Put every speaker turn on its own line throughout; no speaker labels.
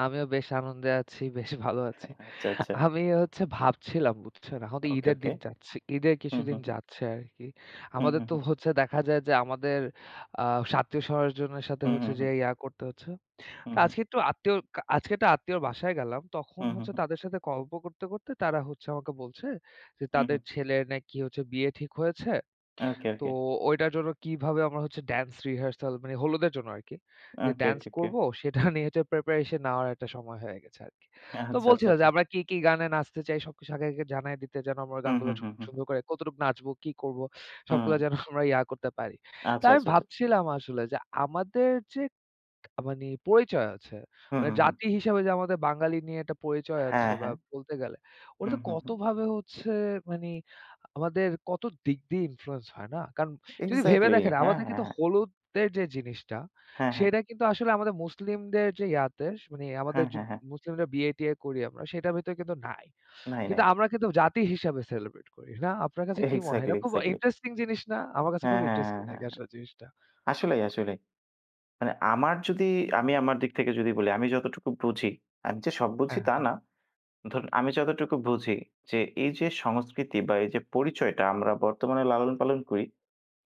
আমিও বেশ আনন্দে আছি, বেশ ভালো আছি।
হ্যাঁ, আচ্ছা, আচ্ছা।
আমিও হচ্ছে ভাবছিলাম বুঝছেন। এখন তো
ওকে,
ঈদের
ওকে।
দিন যাচ্ছে। ঈদের
হুম,
কিছুদিন
হুম, হুম।
যাচ্ছে আরকি।
হুম,
আমাদের
হুম,
তো
হুম।
হচ্ছে দেখা যায় যে, আমাদের আ আত্মীয়-স্বজনের সাথে
হুম, হুম,
যে
হুম।
ইয়া করতে হচ্ছে।
হুম,
তো
হুম।
আজকে একটু আত্মীয় কা আজকে একটা আত্মীয়র বাসায় গেলাম। তখন
হুম, হুম,
হচ্ছে
হুম।
তাদের সাথে গল্প করতে, করতে তারা হচ্ছে আমাকে বলছে, যে তাদের
উহু।
ছেলের নাকি হচ্ছে বিয়ে ঠিক হয়েছে।
ওকে,
তো
ওকে।
ঐটার জন্য কিভাবে আমার হচ্ছে, ড্যান্স রিহার্সাল মানে, হলুদের জন্য আরকি। যে
ওকে,
ড্যান্স
ওকে, ওকে।
করব সেটা নিয়ে যে প্রিপারেশন নেওয়ার একটা সময় হয়ে গেছে আরকি। তো
আচ্ছা, আচ্ছা,
বলছিল যে,
আচ্ছা।
আমরা কি, কি গানে নাচতে চাই? সবকিছু আগে, আগে জানায় দিতে যেন, আমরা
হুম,
গানগুলো
হুম,
সু
হুম, হুম।
সুন্দর করে কতটুকু নাচবো, কি করব? সবগুলা
হুম।
যেন আমরা ইয়া করতে পারি। তো
আচ্ছা,
আমি
আচ্ছা, আচ্ছা।
ভাবছিলাম আসলে যে আমাদের যে মানে পরিচয় আছে,
হু,
মানি
হু, হু।
জাতি হিসেবে যে আমাদের বাঙালি নিয়ে একটা পরিচয় আছে
হ্যাঁ,
বা
হ্যাঁ।
বলতে গেলে, ওটাতে
উহু। হু।
কতভাবে হচ্ছে মানে, আমাদের কত দিক দিয়ে ইনফ্লুয়েন্স হয়, না? কারণ যদি ভেবে
এক্সাক্টলি।
দেখেন,
হ্যাঁ,
আমাদের
হ্যাঁ,
কিন্তু
হ্যাঁ।
হলুদের যে জিনিসটা,
হ্যাঁ, হ্যাঁ।
সেটা কিন্তু আসলে আমাদের মুসলিমদের যে ইয়াতে মানে, আমাদের
হ্যাঁ, হ্যাঁ, হ্যাঁ।
মুসলিমরা বিয়ে-টিয়ে করি আমরা, সেটার ভেতরে কিন্তু নাই।
নাই,
কিন্তু
নাই।
আমরা কিন্তু জাতি হিসেবে সেলিব্রেট করি। না? আপনার কাছে কি মনে হয়?
এক্সাক্টলি,
এটা খুব
এক্সাক্টলি।
ইন্টারেস্টিং জিনিস না? আমার কাছে
হ্যাঁ,
খুব
হ্যাঁ, হ্যাঁ,
ইন্টারেস্টিং
হ্যাঁ,
লাগে
হ্যাঁ।
আসলে জিনিসটা।
আসলেই, আসলেই। মানে আমার যদি, আমি আমার দিক থেকে যদি বলি। আমি যতটুকু বুঝি, আমি যে সব বুঝি,
হ্যাঁ,
তা
হ্যাঁ।
না। ধরুন আমি যতটুকু বুঝি, যে এই যে সংস্কৃতি বা এই যে পরিচয়টা আমরা বর্তমানে লালন পালন করি,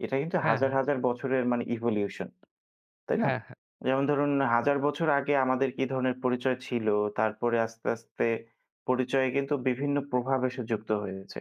এটা কিন্তু
হ্যাঁ,
হাজার,
হ্যাঁ।
হাজার বছরের মানে ইভোলিউশন। তাই না?
হ্যাঁ, হ্যাঁ।
যেমন ধরুন হাজার বছর আগে আমাদের কি ধরনের পরিচয় ছিল? তারপরে আস্তে, আস্তে পরিচয় কিন্তু বিভিন্ন প্রভাব এসে যুক্ত হয়েছে।